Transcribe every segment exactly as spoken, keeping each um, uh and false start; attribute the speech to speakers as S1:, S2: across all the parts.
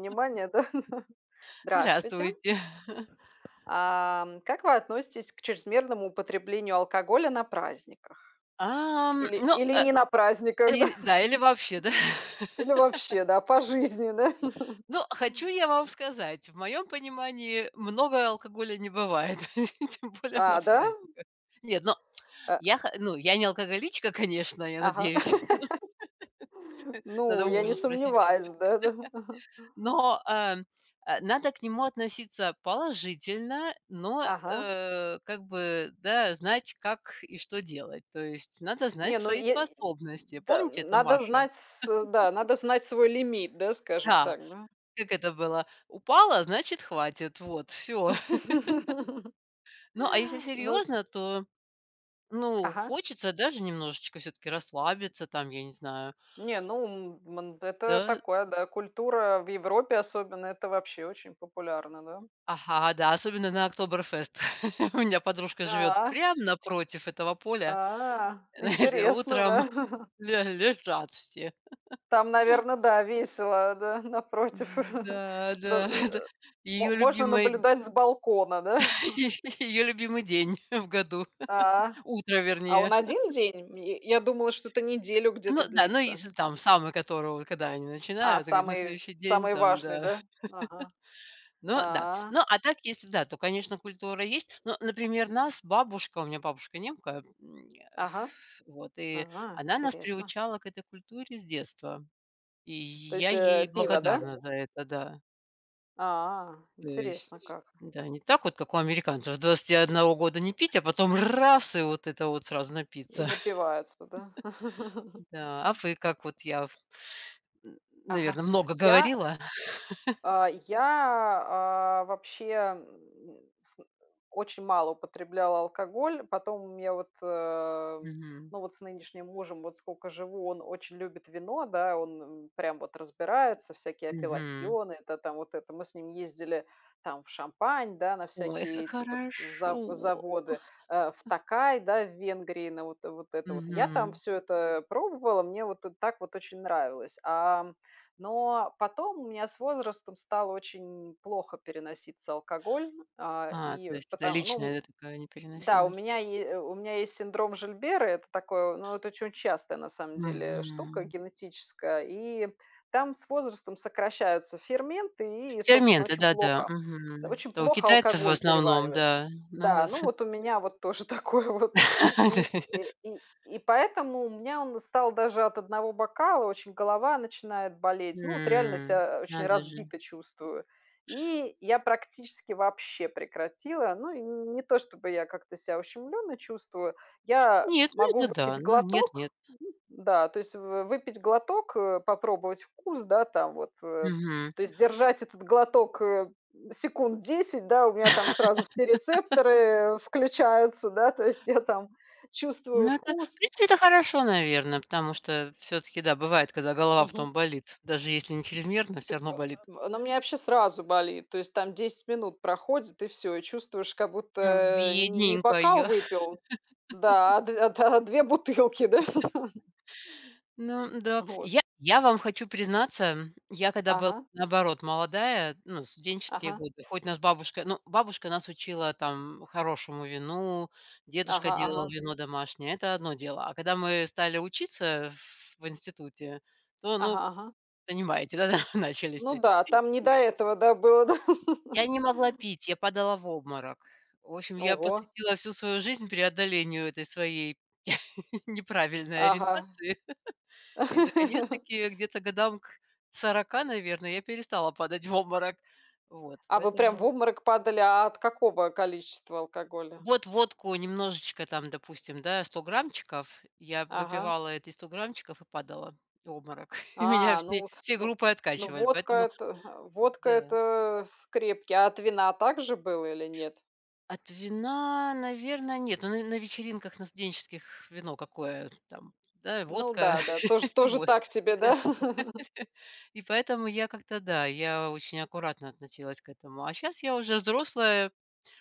S1: Внимание, да? Здравствуйте.
S2: Здравствуйте.
S1: Ам, как вы относитесь к чрезмерному употреблению алкоголя на праздниках
S2: Ам,
S1: или
S2: но,
S1: или
S2: э,
S1: не на праздниках, да?
S2: один, да, или вообще, да.
S1: Или вообще, да? По жизни, да?
S2: Ну хочу я вам сказать: в моем понимании много алкоголя не бывает, тем более на
S1: А, да?
S2: праздниках. Нет, но
S1: А
S2: я хо ну, я не алкоголичка, конечно, я
S1: Ага.
S2: надеюсь
S1: Ну,
S2: Надо у
S1: я не
S2: мужа спросить.
S1: сомневаюсь, да-да.
S2: Но, э, надо к нему относиться положительно, но,
S1: Ага.
S2: э, как бы, да, знать, как и что делать, то есть надо
S1: Не,
S2: знать
S1: ну
S2: свои
S1: е
S2: способности.
S1: Д да.
S2: "Помните это,
S1: Надо
S2: Маша?"
S1: знать с э да, надо знать свой лимит, да, скажем
S2: Да.
S1: так, да.
S2: Как это было: упала, значит хватит, вот, всё. Ну, а если
S1: Ну
S2: серьезно, то, ну
S1: Ага.
S2: хочется, да, же немножечко всё-таки расслабиться, там я не знаю.
S1: Не, ну, м, манд это
S2: Да.
S1: такое, да. Культура в Европе особенно- это вообще очень популярно, да.
S2: Ага, да, особенно на Октоберфест. У меня подружка живет
S1: А.
S2: прям напротив этого поля.
S1: А.
S2: Знаете,
S1: Интересно,
S2: утром
S1: да?
S2: ле лежат все.
S1: Там, наверно, да, весело, да, напротив.
S2: М-да,
S1: За э,
S2: да. Это
S1: э, мо
S2: ее
S1: можно
S2: любимый
S1: наблюдать с балкона, да?
S2: е ее любимый день в году.
S1: А.
S2: Утро
S1: А
S2: вернее.
S1: он один день? М ме э, я думала, что-то неделю
S2: Ну
S1: где-то
S2: да, ну
S1: длится.
S2: если там самого, которого, когда они
S1: А,
S2: начинают, и говорит, на
S1: самый,
S2: следующий день
S1: самый
S2: там-
S1: важный,
S2: да.
S1: да? Ага.
S2: Но, да.
S1: А.
S2: Но опять-таки, если, да, то, конечно, культура есть, но, например, нас бабушка- у меня бабушка немка, м, э,
S1: Ага.
S2: вот- и
S1: Ага,
S2: она нас
S1: интересно.
S2: приучала к этой культуре с детства. И
S1: То
S2: я
S1: есть, э,
S2: ей
S1: пиво, да?
S2: благодарна за это, да.
S1: А,
S2: То
S1: интересно
S2: есть,
S1: как.
S2: да, не так вот, как у американцев до двадцати одного года не пить, а потом- р р-раз! И вот это вот сразу
S1: И
S2: напиться.
S1: напиваются, да?
S2: Да. А вы как вот? Я в н н
S1: Ага.
S2: наверно, много
S1: Я, э,
S2: говорила?
S1: а, я, а, вообще, м, ну, сн очень мало употребляла алкоголь. Потом у меня вот, э, м,
S2: Мгм.
S1: ну вот с нынешним мужем вот скоко живу, он очень любит вино, да, он н прям вот разбирается, всякие
S2: Мгм.
S1: апелласьоны это там вот это. Мы с ним ездили там в Шампань, да, на
S2: Ой,
S1: всякие
S2: как
S1: эти вот
S2: хорошо.
S1: за
S2: Ох.
S1: заводы, э, в
S2: Ах.
S1: Токай, да, в Венгрии, на вот вот это вот. Я там
S2: Мгм.
S1: всё это, э, пробовала, мне вот, э, так вот очень нравилось, ам. Но потом у меня с возрастом стало очень плохо переноситься алкоголь, а,
S2: А,
S1: и
S2: то есть это
S1: потом ну
S2: личная, да, такая
S1: Да, у
S2: непереносимость.
S1: меня е э, у меня есть синдром Жильбера, это такое, ну, это оче очень частая, на самом деле, штука
S2: Мгм.
S1: генетическая. И там с возрастом сокращаются ферменты, и и, собственно,
S2: Ферменты,
S1: очень
S2: да-да,
S1: плохо,
S2: мгм.
S1: очень
S2: Это у
S1: плохо
S2: китайцев, в
S1: алкоголь
S2: основном,
S1: переваривается.
S2: да. На,
S1: Да,
S2: э,
S1: ну
S2: с
S1: вот у меня вот тоже такое вот. И э, и и поэтому у меня он стал даже от одного бокала- очень голова начинает болеть. Ну вот реально
S2: М.
S1: ся, а, очень
S2: Надо же.
S1: разбито чувствую. И я практически вообще прекратила. Ну и н не то, чтобы я как-то ся ущемленно чувствую. Я
S2: Нет, ну
S1: могу
S2: это, да,
S1: выпить
S2: ну, нет-
S1: глоток,
S2: нет.
S1: да, то есть в в выпить глоток, э, попробовать вкус, да, там вот, э,
S2: Мгм.
S1: то есть держать этот глоток, э, м, секунд десять, да- у меня там сразу все рецепторы включаются, да, то есть я там чувствую
S2: Ну это В
S1: вкус.
S2: принципе это хорошо, наверно, потому что всё-таки, да, бывает, когда голова
S1: Мгм.
S2: потом болит, даже если не
S1: Ты
S2: чрезмерно, всё равно болит.
S1: па а, ну у мя вообще сразу болит, то есть там десять минут проходит, и всё, и чувствуешь, как будто,
S2: Ну,
S1: э, не не
S2: бедненькая.
S1: бокал выпил да, а две да, а две бутылки, да.
S2: Ну да.
S1: Вот.
S2: Я я вам хочу признаться, я когда была,
S1: Ага.
S2: наоборот, молодая, ну, в студенческие
S1: Ага.
S2: годы, хоть нас бабушка- ну, бабушка нас учила там хорошему вину, дедушка
S1: Ага,
S2: делал
S1: ага.
S2: вино домашнее, это одно дело- а когда мы стали учиться в институте, то
S1: Ага,
S2: ну,
S1: ага.
S2: понимаете, да, начались
S1: Ну
S2: вот эти
S1: да, а
S2: все
S1: там не до
S2: вечеринки.
S1: этого, да, было.
S2: Я не могла пить, я падала в обморок. В общем я
S1: Ого!
S2: посвятила всю свою жизнь преодолению этой своей неправильной
S1: Ага.
S2: ориентации, и наконец-таки где-то к годам к сорока, наверное, я перестала падать в обморок. Вот
S1: А вы прям в
S2: поэтому.
S1: обморок падали, а от какого количества алкоголя?
S2: Вот водку немножечко там, допустим, да, сто граммчиков, я
S1: Ага.
S2: выпивала эти сто граммчиков и падала. В обморок. И меня
S1: А,
S2: всей
S1: ну в
S2: всей
S1: ну
S2: группой
S1: ну
S2: откачивали,
S1: водка
S2: поэтому
S1: это, хм, э, вотда-
S2: да.
S1: это с крепкий. А от вина также было или нет?
S2: От вина, наверно, нет. Но на на вечеринках на студенческих вино какое? Там, да,
S1: Ну
S2: водка,
S1: да, да, тож тоже
S2: водка.
S1: так себе, да?
S2: И поэтому я как-то, да, я очень аккуратно относилась к этому. А щас я уже взрослая,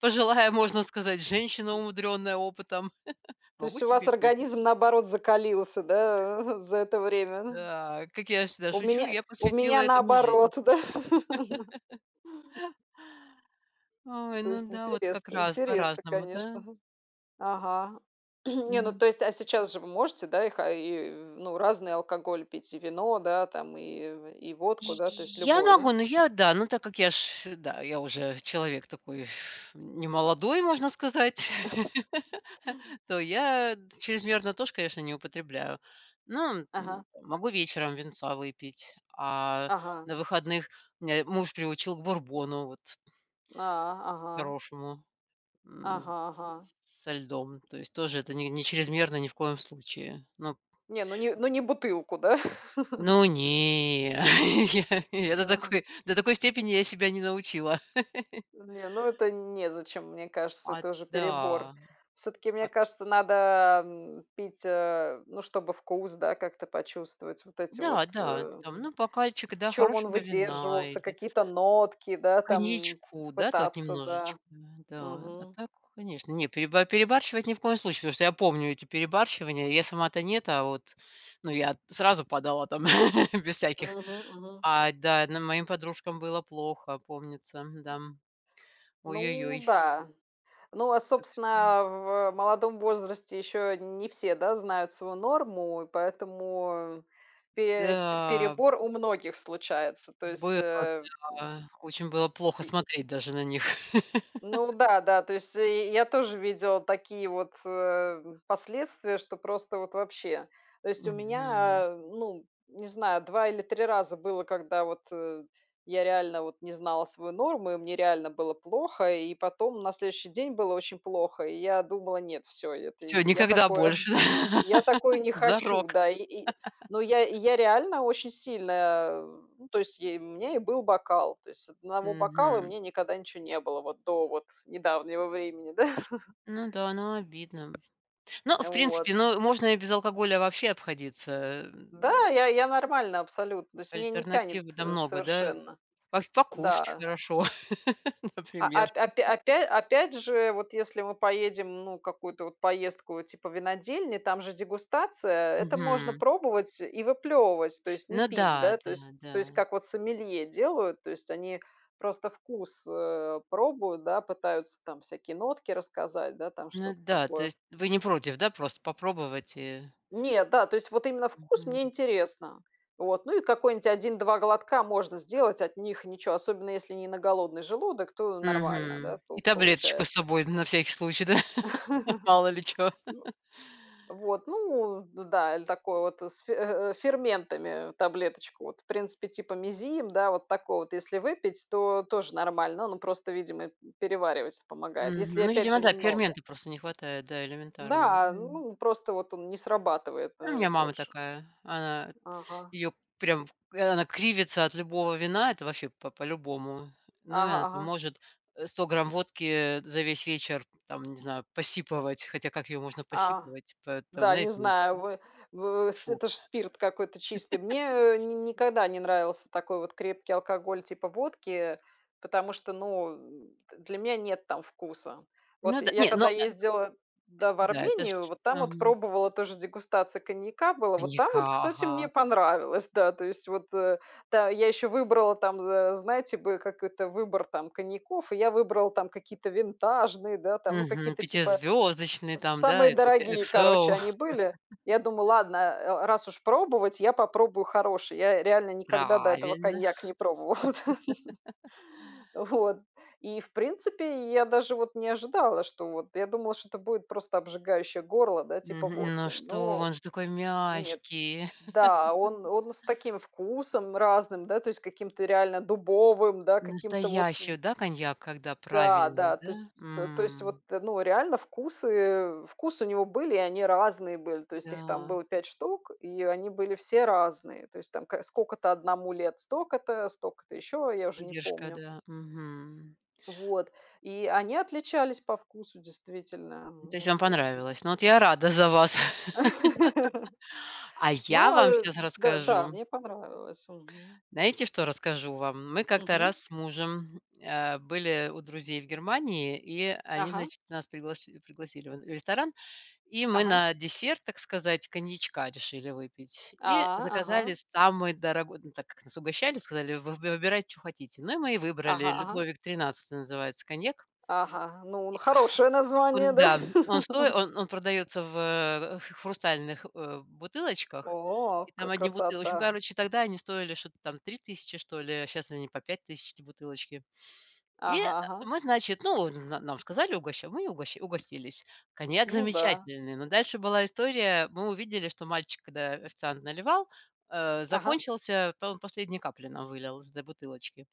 S2: пожилая, можно сказать, женщина,
S1: М.
S2: умудренная опытом,
S1: То
S2: могу
S1: есть у вас
S2: себе пить.
S1: организм, наоборот, закалился, да, э, за это время? Мгм.
S2: Да. Как я всегда
S1: У
S2: шучу,
S1: меня
S2: я
S1: у
S2: посвятила
S1: меня
S2: этому жизнь.
S1: наоборот, да.
S2: Ой,
S1: То есть
S2: ну да вот, как
S1: интересно,
S2: раз
S1: интересно,
S2: по-разному,
S1: конечно,
S2: да?
S1: мгм. Ага. Не, ну
S2: М.
S1: то есть а сейчас же вы можете, да, их, а и и ну, разный алкоголь пить и вино, да, там, и в и водку,
S2: И и
S1: да?
S2: и
S1: То есть
S2: я
S1: любое, да?
S2: могу, но я, да но так как я ж, да, я уже человек такой, немолодой, можно сказать, то я чрезмерно тоже, конечно, не употребляю. Но, м,
S1: Ага.
S2: могу вечером винца выпить, а
S1: Ага.
S2: на выходных меня муж приучил к бурбону вот
S1: А, ага.
S2: хорошему. М,
S1: Ага,
S2: с
S1: ага.
S2: с со льдом, то есть тоже это не не чрезмерно ни в коем случае, ну.
S1: Не, ну, не ну, не бутылку, да?
S2: Ну не. Не до
S1: Да.
S2: такой до такой степени я себя не научила.
S1: Не, ну, это н незачем, мне кажется,
S2: А
S1: это
S2: т
S1: уже
S2: да.
S1: перебор. Всё-таки, мне
S2: А р
S1: кажется, надо, м, пить, э, ну чтобы вкус, да, как-то почувствовать, вот эти вот,
S2: Да,
S1: э,
S2: да, там
S1: м
S2: ну бокальчик,
S1: в
S2: да,
S1: чём он
S2: хорошего вина
S1: выдерживался,
S2: или
S1: какие-то нотки, да, там
S2: коньячку, да, так
S1: пытаться,
S2: немножечко,
S1: да.
S2: н-да. А
S1: Мгм.
S2: так, конечно. Не, переба перебарщивать ни в коем случае. Потому что я помню эти перебарщивания. Я сама-то нет, а вот ну я сразу падала там без всяких.
S1: Мгм, мгм.
S2: А, да, но моим подружкам было плохо, помнится, м-да. О ё ё
S1: Ну
S2: ёй.
S1: да. Ну а,
S2: Так что.
S1: собственно, в молодом возрасте еще не все, да, знают свою норму, и поэтому пе
S2: Да, м.
S1: перебор у многих случается, то есть,
S2: Было,
S1: э, м
S2: да. Очень было плохо
S1: И
S2: смотреть даже на них.
S1: Ну да, да. То есть и я тоже видела такие вот, э, м, последствия, что просто вот вообще. То есть у
S2: Мгм.
S1: меня, э, ну, не знаю, два или три раза было, когда вот, э, я реально вот не знала свою норму и мне реально было плохо. И потом, на следующий день было очень плохо, и я думала: "Нет, всё, это
S2: Всё,
S1: н я
S2: никогда
S1: такое
S2: больше,
S1: я такое не хочу,
S2: зарок.
S1: да",- и и Но я и я реально очень сильно, м то есть и мне и был бокал, то есть с одного бокала
S2: Мгм.
S1: мне никогда ничего не было вот до вот с недавнего времени, да.
S2: Ну да, ну обидно. Но в
S1: Вот.
S2: принципе, ну, можно и без алкоголя вообще обходиться,
S1: Да,
S2: эм.
S1: я я нормально абсолютно, то есть мне не тянет,
S2: Альтернатив, да,
S1: э,
S2: много да.
S1: совершенно.
S2: По покушать
S1: Да.
S2: хорошо,
S1: А, а
S2: например.
S1: опя опя опя опять же, вот если мы поедем, ну, какую-то вот поездку типа винодельни, там же дегустация, это можно
S2: Мгм.
S1: пробовать и выплевывать, то есть не
S2: Ну
S1: пить,
S2: да,
S1: да.
S2: да,
S1: То есть то есть
S2: да.
S1: как вот сомелье делают, то есть они просто вкус, э, пробуют, да, пытаются там всякие нотки рассказать, да, там
S2: Ну
S1: что-то
S2: да. То
S1: такое.
S2: есть вы не против, да, просто попробовать и?
S1: Нет, да, то есть вот именно вкус- мне
S2: Мгм.
S1: интересно. Вот ну и какой-нить один два глотка можно сделать. От них ничё. Особенно, если не на голодный желудок, то нормально, да,
S2: Мгм.
S1: по
S2: И таблеточку с
S1: получается.
S2: собой на всякий случай, да. Мало ли чё.
S1: Ну. Вот, ну, д да, или такое вот с фе э, э, с ферментами, э, таблеточку. Вот в принципе типа "Мезим", да, вот такой вот, если выпить, то тоже нормально. Он просто, видимо, м, перевариваться помогает,
S2: Мгм.
S1: если,
S2: Ну
S1: опять
S2: видимо,
S1: же,
S2: да,
S1: немного.
S2: ферменты просто не хватает, да, элементарно,
S1: Да,
S2: да.
S1: э, ну просто вот он не срабатывает,
S2: У
S1: э,
S2: меня мама
S1: больше.
S2: такая. Она
S1: Ага.
S2: ее прям э, она кривится от любого вина, это вообще по по-любому. Ну и
S1: Ага.
S2: она там
S1: Ага.
S2: может, э, сто грамм водки, э, за весь вечер там, не знаю, посипывать, хотя как ее можно
S1: А.
S2: посипывать, поэтому,
S1: Да, не
S2: знаете,
S1: знаю, вы
S2: [unintelligible]
S1: в в с
S2: Фу.
S1: это ж спирт какой-то чистый. Мне ни ни никогда не нравился такой вот крепкий алкоголь, типа водки, потому что, ну, э, для меня нет там вкуса.
S2: Ну
S1: Вот
S2: да
S1: я
S2: Не, ну,
S1: когда
S2: э,
S1: ездила,
S2: э,
S1: да, в
S2: да это ж
S1: Армению-
S2: ж
S1: вот там вот
S2: Мгм.
S1: пробовала, тоже дегустация коньяка была. Вот там
S2: Коньяка,
S1: вот, кстати,
S2: ага.
S1: мне понравилось, да, то есть вот, э. Да, я еще выбрала там, за знаете, бы, как это выбор там коньяков, и я выбрала там какие-то винтажные, да, там, ну
S2: Мгм.
S1: какие-то типа
S2: Пятизвездочный
S1: с
S2: там, да,
S1: самые
S2: это у тя
S1: дорогие, короче,
S2: XO.
S1: они были. Я думаю, ладно, э, раз уж пробовать, я попробую хороший. Я реально никогда до этого
S2: Правильно.
S1: коньяк не пробовала. Вот. И в принципе, и я даже вот не ожидала, что вот я думала, что-то будет просто обжигающее горло, да, типа
S2: Мгм. Ну
S1: водки.
S2: что,
S1: Но
S2: он же такой
S1: нет.
S2: мягкий
S1: Да, он он с таким вкусом разным, да, то есть каким-то реально дубовым, да, каким-то вот, э
S2: Настоящий, да, коньяк, когда
S1: Да,
S2: правильный,
S1: да, то есть,
S2: да,
S1: то есть вот,
S2: м.
S1: э, ну реально вкусы вкусы у него были и они разные были, то есть их там
S2: Да.
S1: было пять штук и они были все разные. То есть там к скока-то одному лет- стока-то, стока-то еще, я уже не
S2: Выдержка,
S1: помню.
S2: да, мгм.
S1: Вот. И они отличались по вкусу, действительно, м,
S2: То есть
S1: вот
S2: вам
S1: х м.
S2: понравилось? Ну вот я рада за вас. А я
S1: Ну,
S2: вам
S1: э,
S2: щас
S1: д да,
S2: расскажу
S1: мне понравилось, мгм.
S2: знаете, что расскажу вам? Мы как-то
S1: Мгм.
S2: раз с мужем, а, были у друзей в Германии, и они,
S1: Ага.
S2: значит, нас пригласи пригласили в н в ресторан, и мы
S1: Ага.
S2: на десерт, так сказать, коньячка решили выпить.
S1: А,
S2: И
S1: ага.
S2: заказали самый дорогой, ну так как нас угощали, сказали: вы выбирайте, чё хотите. Ну и мы и
S1: Ага,
S2: выбрали,
S1: ага.
S2: "Людовик 13-й" называется коньяк
S1: Ага. Ну
S2: И,
S1: н
S2: а.
S1: хорошее название,
S2: Он,
S1: да?
S2: да, он стои он он продается в, э, в в х хрустальных, э, бутылочках,
S1: О,
S2: и
S1: ка
S2: там одни бутылоч Ну,
S1: красота!
S2: короче, тогда они стоили что-то там три тысячи, что ли, а щас они по пять тысяч эти бутылочки. И, э,
S1: Ага, ага.
S2: мы, значит, ну н на нам сказали, угоща мы и угоща угостились. Коньяк
S1: Ну да.
S2: замечательный, но дальше была история: мы увидели, что мальчик, когда официант наливал, э,
S1: Ага.
S2: закончился, то он последние капли нам вылил из этой бутылочки.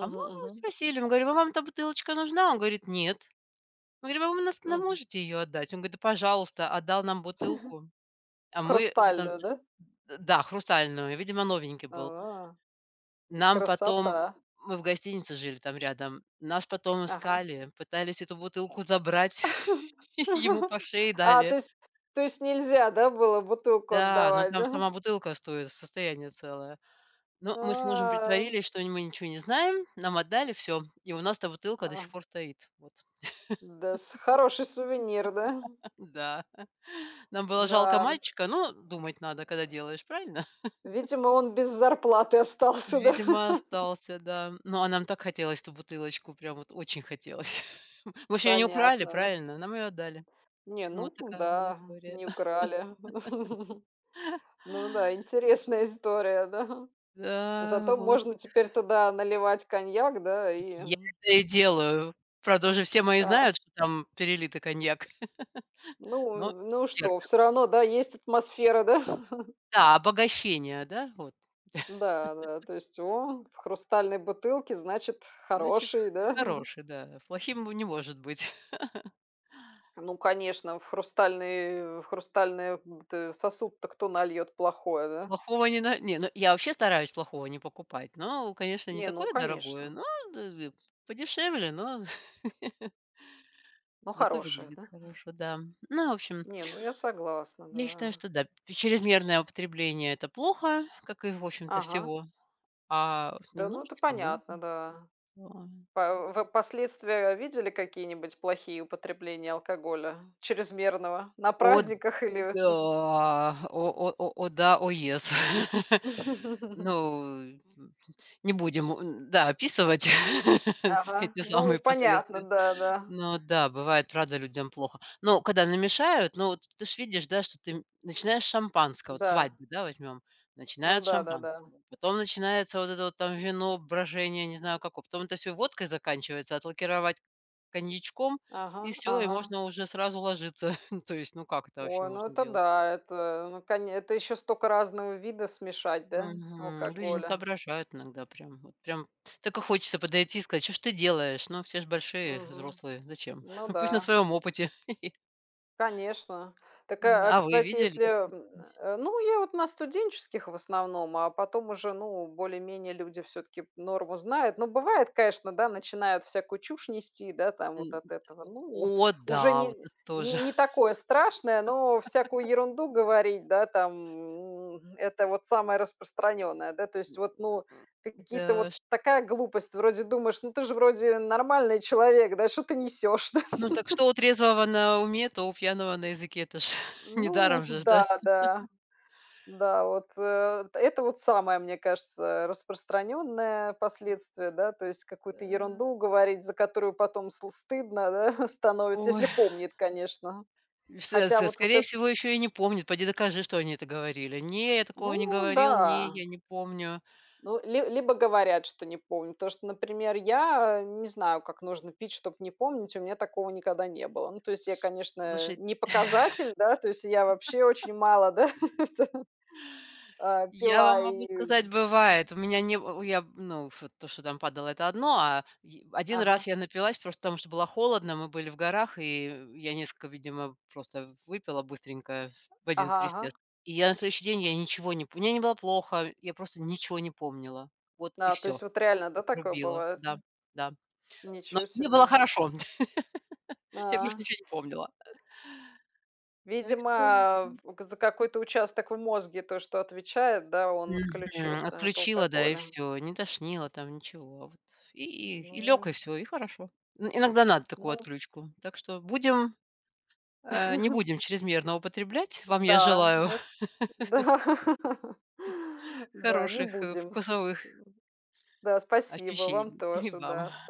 S2: А мы у него
S1: мгм.
S2: спросили, мы говорим: "А вам та бутылочка нужна?" Он говорит: "Нет". Мы говорим: "А вы нас нам
S1: Мгм.
S2: можете ее отдать?" Он гоит: "Да пожалуйста". Отдал нам бутылку, а мы в этом, э
S1: Хрустальную, да?
S2: Д да, хрустальную,- видимо новенький был.
S1: А.
S2: Нам потом, м,
S1: Красота!
S2: мы в гостинице жили там рядом, нас потом
S1: Ага.
S2: искали, пытались эту бутылку забрать, ему по шее
S1: А,
S2: дали.
S1: то есть то есть нельзя, да, было бутылку
S2: Да. Но
S1: отдавать,
S2: там
S1: да?
S2: сама бутылка стоит, состояние целое. Но мы с мужем
S1: Ам.
S2: притворились, что не мы, ничего не знаем, нам отдали всё, и у нас эта бутылка до сих
S1: Ага.
S2: пор стоит. Вот.
S1: Да, с хороший сувенир, да?
S2: Да. Нам было жалко
S1: Да, м.
S2: мальчика, но думать надо, когда делаешь, правильно?
S1: Видимо, он без зарплаты остался, да?
S2: Видимо, остался, да. Но, а нам так хотелось эту бутылочку, прям вот очень хотелось. Мы ж ее не украли,
S1: Понятно, ну.
S2: правильно? Нам ее отдали.
S1: Не,
S2: Ну вот
S1: ну
S2: такая у меня
S1: да,
S2: история.
S1: не украли. Ну да, интересная история, да.
S2: Да,
S1: Зато
S2: вот.
S1: можно теперь туда наливать коньяк, да, и
S2: Я это и делаю. Правда, уже все мои
S1: А.
S2: знают, что там перелитый коньяк,
S1: Ну
S2: но
S1: в ну и что,
S2: терпят.
S1: всё равно, да, есть атмосфера, да?
S2: Да, обогащение, да вот.
S1: Да, да. То есть: о, в хрустальной бутылке, значит х
S2: Значит, х
S1: -хороший, да?
S2: х хороший, да. Плохим он не может быть.
S1: Ну, конечно, в хрустальный в хрустальный бут сосуд-то кто нальет плохое, да?
S2: Плохого не на Не, ну я вообще стараюсь плохого не покупать, но, конечно, не
S1: Не, ну
S2: такое дорогое,
S1: конечно.
S2: но [unintelligible] подешевле, но
S1: Но
S2: зато
S1: хорошая,
S2: выглядит
S1: да?
S2: хорошо, да. Но в общем
S1: Не, ну я согласна,
S2: Я считаю,
S1: да.
S2: что, да, чрезмерное употребление- это плохо, как и в общем-то
S1: Ага.
S2: всего, а с
S1: Да, ну это
S2: немножечко можно,
S1: понятно, да.
S2: да.
S1: А в в вы последствия видели какие-нибудь плохие употребления алкоголя чрезмерного на
S2: О,
S1: праздниках или
S2: да,
S1: мх
S2: о, о, о, о да, о yes. Ну н н не будем у н-да описывать
S1: Ага.
S2: эти
S1: Ну
S2: самые
S1: понятно,
S2: последствия.
S1: да, да.
S2: Но да, бывает, правда, людям плохо. Но когда намешают, ну вот ты же видишь, да, что ты, м начинаешь с шампанского- вот
S1: Да.
S2: свадьбу, да, возьмем-
S1: Ну
S2: начинают с
S1: да-да-да.
S2: шампанского, потом начинается вот это вот там вино, брожение, не знаю, како потом это всё водкой заканчивается, отлакировать коньячком и
S1: Ага,
S2: всё, и
S1: ага.
S2: можно уже сразу ложиться. То есть ну как это вообще
S1: Ой, ну
S2: можно
S1: это,
S2: делать?
S1: да, это, ну коне это еще стока разного вида смешать, да,
S2: Мгм. Люди не
S1: алкоголя.
S2: соображают иногда прям, вот прям так и хочется подойти и сказать: "Чё ж ты делаешь?!" Но все же большие,
S1: Мгм.
S2: взрослые, зачем?
S1: Ну
S2: Пусть на
S1: да.
S2: своём опыте.
S1: Конечно. Так, а,
S2: Н-да.
S1: а
S2: А вы
S1: кстати,
S2: видели
S1: если, э,
S2: такое
S1: м,
S2: чё-нибудь?
S1: э ну, я вот на студенческих, в основном, а потом уже ну более-менее люди всё-таки норму знают. Ну бывает, каэшно, да, начинают всякую чушь нести, да, там
S2: М, н
S1: вот от этого. Ну,
S2: О
S1: уже
S2: да, вот
S1: не
S2: это
S1: не
S2: тоже.
S1: не такое страшное, но всякую ерунду говорить, да, там, м- это вот самое распространенное, да. То есть вот ну ка
S2: Да
S1: какие-то вот
S2: уж.
S1: такая глупость, вроде думаешь: "Ну ты же, вроде, нормальный человек, да! Что ты несешь, да?"
S2: Ну так что у трезвого на уме, то у пьяного на языке,- это ж
S1: Ну
S2: недаром жеж, да.
S1: да, да. Да, от, э это вот самое, мне кажется, э, распространенное последствие, да, то есть какую-то
S2: Да.
S1: ерунду говорить, за которую потом сл стыдно, да, становится,
S2: Ой.
S1: если помнит, конечно.
S2: И в се
S1: Хотя
S2: се
S1: вот вот
S2: скорее
S1: эт
S2: всего, ещё и не помнит, поди докажи, что они это говорили. "Не, я такого не
S1: Ну
S2: говорил, не,
S1: да.
S2: я не помню".
S1: Ну ли либо говорят, что не помнит. птошто, например, я не знаю, как нужно пить, чтоб не помнить, и у меня такого никогда не было. Ну то есть я,
S2: С с
S1: конечно,
S2: слушай.
S1: не показатель да, то есть я вообще очень мало, да, пила, а,
S2: Я вам
S1: пила
S2: могу
S1: и
S2: сказать:
S1: Мгм.
S2: бывает. У меня не н я в в ну вот то, что там падало- это одно, а ви а один
S1: Ага.
S2: раз я напилась, просто, потому что было холодно, мы были в горах, и в я нескока, видимо, просто выпила быстренько, в один
S1: Ага, ага.
S2: присест. И я на следующий день, я ничего не пом Мне не было плохо, я просто ничего не помнила, вот и
S1: Да, то
S2: всё,
S1: есть вот реально, да, такое
S2: отрубило,
S1: бывает,
S2: да,
S1: м?
S2: да. Но
S1: Ничё
S2: мне
S1: себе,
S2: было
S1: а!
S2: хорошо, я просто
S1: А.
S2: ничего не помнила. Э. Так
S1: Видимо,
S2: что,
S1: а,
S2: м.
S1: в у в за какой-то участок в мозге, то, что отвечает, да, он
S2: Мгм.
S1: отключился от
S2: Отключило, да, и
S1: алкоголя.
S2: всё, не тошнило там, ничего, а вот, и и и лег, и
S1: Ну.
S2: всё, и хорошо. Ин иногда надо такую
S1: Ну.
S2: отключку, так что будем а, не будем чрезмерно употреблять. Вам я
S1: Да,
S2: желаю
S1: эт да, да, не
S2: хороших, э,
S1: будем,
S2: вкусовых
S1: м. Да, спасибо вам
S2: ощущений. И
S1: тоже,
S2: вам.
S1: да, сп